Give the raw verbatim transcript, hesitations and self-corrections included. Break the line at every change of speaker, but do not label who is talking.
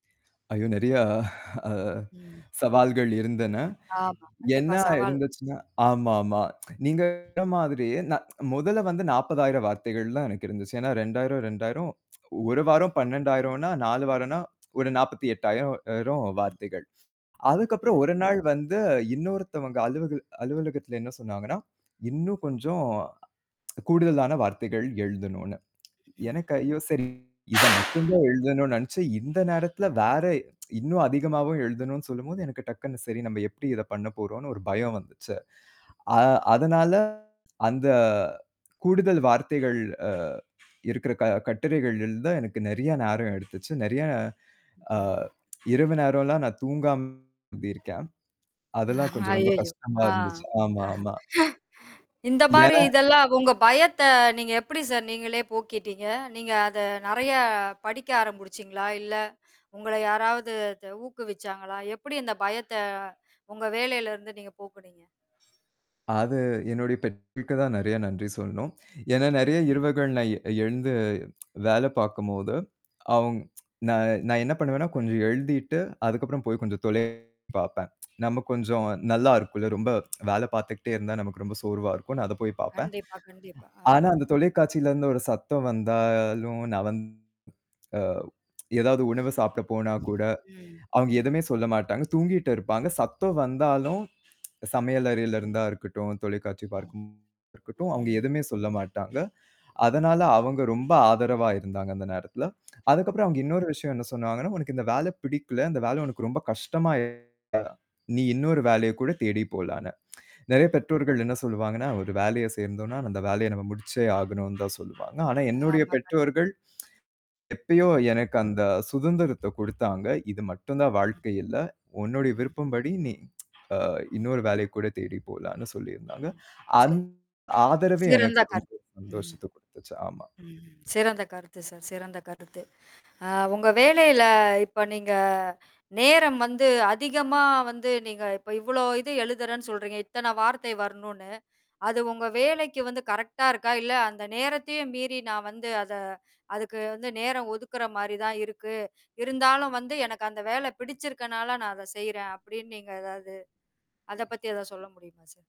அய்யோ நெறையா அ
ம்.
சவால்கள் இருந்தன.
ஆமா, கண்டிப்பா.
என்னா
சவால்.
இருந்துச்சுன்னா, ஆமாமா. நீங்க சொன்ன மாதிரியே, நான் மொதல்ல வந்து நாற்பதாயிரம் வார்த்தைகள்ன்னு தான் எனக்கு இருந்துச்சு. ஏன்னா ரெண்டாயிரம், ரெண்டாயிரம், ஒரு
ம்.
வாரம் பன்னெண்டாயிரம்ன்னா நாலு வாரம்னா ஒரு நாற்பத்தி எட்டாயிரம் ஆயிரம்
ம்,
வார்த்தைகள். அதுக்கப்புறம்
ம்.
ஒரு நாள் வந்து இன்னொருத்தவங்க அலுவகல் அலுவலகத்தில என்ன சொன்னாங்கன்னா, இன்னும் கொஞ்சம் கூடுதலான வார்த்தைகள் எழுதணும்ன்னு.
ம்.
எனக்கு ஐயோ! சரி இதை மட்டும்தான் எழுதணும்னு நெனைச்சு, இந்த நேரத்துல வேற இன்னும் அதிகமாவும் எழுதணும்ன்னு சொல்லும்போது, எனக்கு டக்குன்னு, சரி நம்ப எப்படி இதைப் பண்ணப்போறோம்ன்னு ஒரு பயம் வந்துச்சு. அ அதனால அந்த கூடுதல் வார்த்தைகள் அ இருக்கிற க கட்டுரைகள் எழுத எனக்கு நெறைய நேரம் எடுத்துச்சு. நெறைய அ இரவு நேரம்ல்லாம் நான் தூங்காம எழுதியிருக்கேன். அதெல்லாம் கொஞ்சம் ரொம்ப
அய்யய்யோ!
கஷ்டமா
ஆ
இருந்துச்சு. ஆமா, ஆமா.
இந்த மாரி
ஏன்னா
இதெல்லாம் உங்க பயத்தை நீங்க எப்படி சார் நீங்களே போக்கீட்டீங்க? நீங்க அதை நெறைய படிக்க ஆரம்புடுச்சீங்களா? இல்ல, உங்களை யாராவது இது ஊக்குவிச்சாங்களா? எப்படி அந்த பயத்தை உங்க வேலையிலருந்து நீங்க போக்குனீங்க?
அது என்னுடைய பெற்றோருக்குதான் நெறைய நன்றி சொல்லணும். ஏன்னா நெறைய இரவுகள் நான் எ எழுந்து வேலை பார்க்கும்போது, அவுங் நான் நான் என்ன பண்ணுவேன்னா, கொஞ்சம் எழுதிட்டு அதுக்கப்புறம் போய் கொஞ்சம் தொலை பார்ப்பேன். நமக்கு கொஞ்சம் நல்லா இருக்கும்ல்ல. ரொம்ப வேலை பார்த்துகிட்டே இருந்தா நமக்கு ரொம்ப சோர்வா இருக்கும்ன்னு நான் அதைப் போய்ப் பார்ப்பேன்.
கண்டிப்பா, கண்டிப்பா. அ
ஆனா அந்தத் தொலைக்காட்சியிலருந்து ஒரு சத்தம் வந்தாலும், நான் வந்து அ எதாவது உணவு சாப்பிட போனாக்கூட,
ம்.
அவுங்க
ம்.
எதுவுமே சொல்லமாட்டாங்க. தூங்கிட்டு இருப்பாங்க. சத்தம் வந்தாலும் சமையல்
ம்.
அறையில இருந்தா இருக்கட்டும், தொலைக்காட்சி
ம்.
பார்க்கும் இருக்கட்டும், அவுங்க
ம்.
எதுவுமே சொல்லமாட்டாங்க. அதனால
ம்.
அவங்க ரொம்ப ஆதரவா இருந்தாங்க அந்த நேரத்துல. அதுக்கப்புறம் அவங்க
ம்.
இன்னொரு விஷயம் என்ன சொன்னாங்கன்னா, "உனக்கு இந்த வேலை பிடிக்கலை. இந்த வேலை உனக்கு ரொம்ப கஷ்டமா இருக்கு நீ இன்னொரு வேலையைக்கூட தேடிப் போலாம்ன்னு." நெறைய
ம்.
பெற்றோர்கள் என்ன சொல்லுவாங்கன்னா "ஒரு வேலையைச் சேர்ந்தோம்னா, அந்த வேலையை நம்ம முடிச்சே ஆகணும்னுதான்" சொல்லுவாங்க. ஆனா என்னுடைய
ஆமா. கண்டிப்
பெற்றோர்கள், எப்பயோ
ம்.
எனக்கு அந்தச் சுதந்திரத்தை குடுத்தாங்க. இது மட்டும்தான்
ம்.
வாழ்க்கை இல்ல. உன்னுடைய
ம்.
விருப்பம்படி நீ அ
ம்.
இன்னொரு வேலையைக்கூட தேடிப் போலாம்னு சொல்லியிருந்தாங்க.
ம்.
அந்
சரி.
ஆதரவே
சிறந்த
எனக்கு ரொம்ப
கருத் ம்.
சந்தோஷத்தை குடுத்துச்சு. ஆமா.
ம். சிறந்த கருத்து சார். சிறந்த கருத்து. அ உங்க வேலையில, இப்ப நீங்க நேரம் வந்து அதிகமா வந்து நீங்க இப்போ இவ்வளோ இது எழுதுறேன்னு சொல்றீங்க. இத்தனை வார்த்தை வரணும்ன்னு. அது உங்க வேலைக்கு வந்து கரெக்ட்டா இருக்கா? "இல்ல, அந்த நேரத்தையும் மீறி நான் வந்து அத அதுக்கு வந்து நேரம் ஒதுக்குற மாரி தான் இருக்கு. இருந்தாலும் வந்து எனக்கு அந்த வேலை பிடிச்சிருக்கனால நான் அதை செய்றேன்." அப்படின்னு நீங்க எதாவது அத பத்தி எதாவது சொல்ல முடியுமா சார்?